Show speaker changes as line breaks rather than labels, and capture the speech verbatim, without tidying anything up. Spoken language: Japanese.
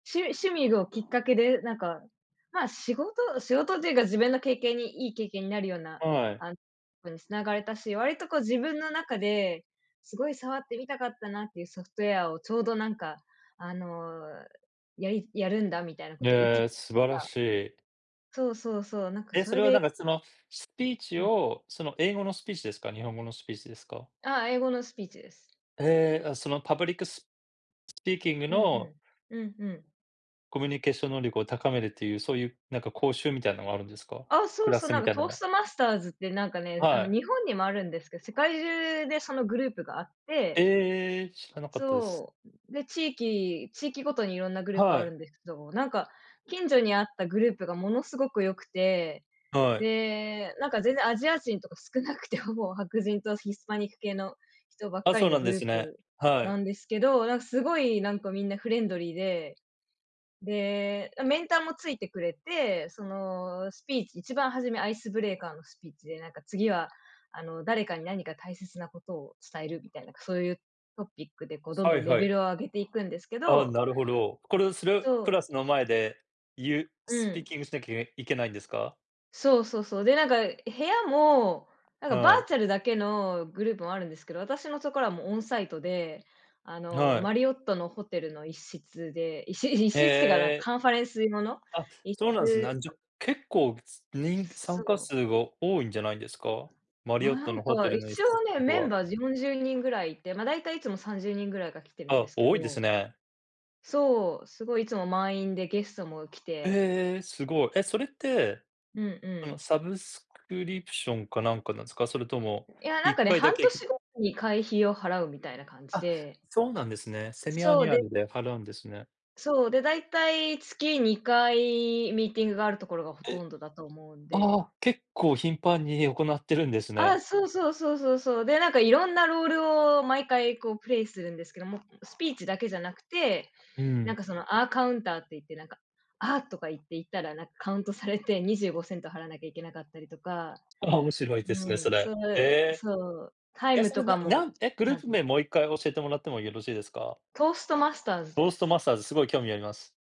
しゅ趣味をきっかけで、なんか、ま、仕事仕事っていうか自分の経験に、いい経験になるような、
はい。
あ、とこに繋がれたし、割と、こう、自分の中ですごい触ってみたかったなっていうソフトウェアをちょうど、なんか、あの、やりやるんだみたいなことを言って
ええ、素晴ら
た。
しい。
そうそうそう、なんか、
え、
そ
そ
れ
れは、な
で
んか、その、スピーチ
うん。
を、その、英語のスピーチですか、日本語のスピーチですか？
あ、英語のスピーチです。
ええ、あ、その、パブリックススピーキング
うん、ふ
の
ん。うんうん。
コミュニケーション能力を高めるっていう、そういう、なんか講習みたいのがあるんですか？
あ、
ク
そう、
ラ
そ、
ス
な
み
んか、
たい
ト
の
ース
が。
トマスターズって、なんかね、あ
は
の、
い。
日本にもあるんですけど、世界中でそのグループがあって。
ええ、知らなかったです。
そう。で、地域地域ごとにいろんなグループあ
は
る
い。
んですけど、なんか、近所にあったグループがものすごくよくて。
はい。
で、なんか、全然アジア人とか少なくて、ほぼ白人とヒスパニック系の人ばっ
あ、
かり
そう
の
なん
グ
で
ルー
すね。
プ
は
な
い。
んですけど、なんか、すごい、なんか、みんなフレンドリーで、で、メンターもついてくれて、その、スピーチいちばん初めアイスブレーカーのスピーチで、なんか、次は、あの、誰かに何か大切なことを伝えるみたいな、そういうトピックで、こう、どん
は
どん
い
レ
は
ベ
い。
ルを上げていくんですけ
ああ、
ど。
なるほど。これをす
そ
るクラ
う。
スの前で言う
う
スピー
ん。
キングしなきゃいけいけないんですか？
そうそうそう。で、なんか、部屋も、なんか、バ
は
ー
い。
チャルだけのグループもあるんですけど、私のところはもうオンサイトで、あの、
は
マ
い。
リオットのホテルの一室で、いし一室ってか、なん
ええ。
カンファレンス用の
あ、
一
そうなんす、
室。
なんじゅ結構にん
そ
参加
う。
数が多いんじゃないんですか？マリオッ
な
ト
ん
のホテ
か
ルの一
一
室っ
応
て
ね、
こと
メン
は。
バーよんじゅうにんぐらいいて、ま、大体いつもさんじゅうにんぐらいが来てるんで
あ、
すけ
多いです
ど。
ね。
そう、すごい、いつも満員でゲストも来て。
ええ、すごい。え、それって、
うんう
その
ん。
サブスクリプションかなんかなんすか？それとも、
いや、
い
なん
っ
かね、
かいだ
半
けけ
年ごとに会費を払うみたいな感じ
あ、
で。
そうなんですね。セミア
そう、
ニュア
で
ルで払うんですね。
そう、で、大体月にかいミーティングがあるところがほと
え、
んどだと思うん
あ
で。
あ、結構頻繁に行ってるんですね。
あ、そうそうそうそうそう。で、なんか、色んなロールを毎回、こう、プレイするんですけども、スピーチだけじゃなくて、
う
なん
ん。
か、その、あカウンターって言って、なんか、あ、とか言って言ったら、なんかカウントされて、にじゅうごセント払わなきゃいけなかったりとか。
ああ、面白いです
う
ね、そ
ん、
れ。
そう、
へえ。
そう、タイ
え、
ム
それ、
とか
なな
も
ん、え、グ
ち
ルー
ゃん
プ
と
名
ね。
もういっかい教えてもらってもよろしいですか？
トーストマスターズ
ト
で
ーストト
す。
マスターズ、すごい興味あります。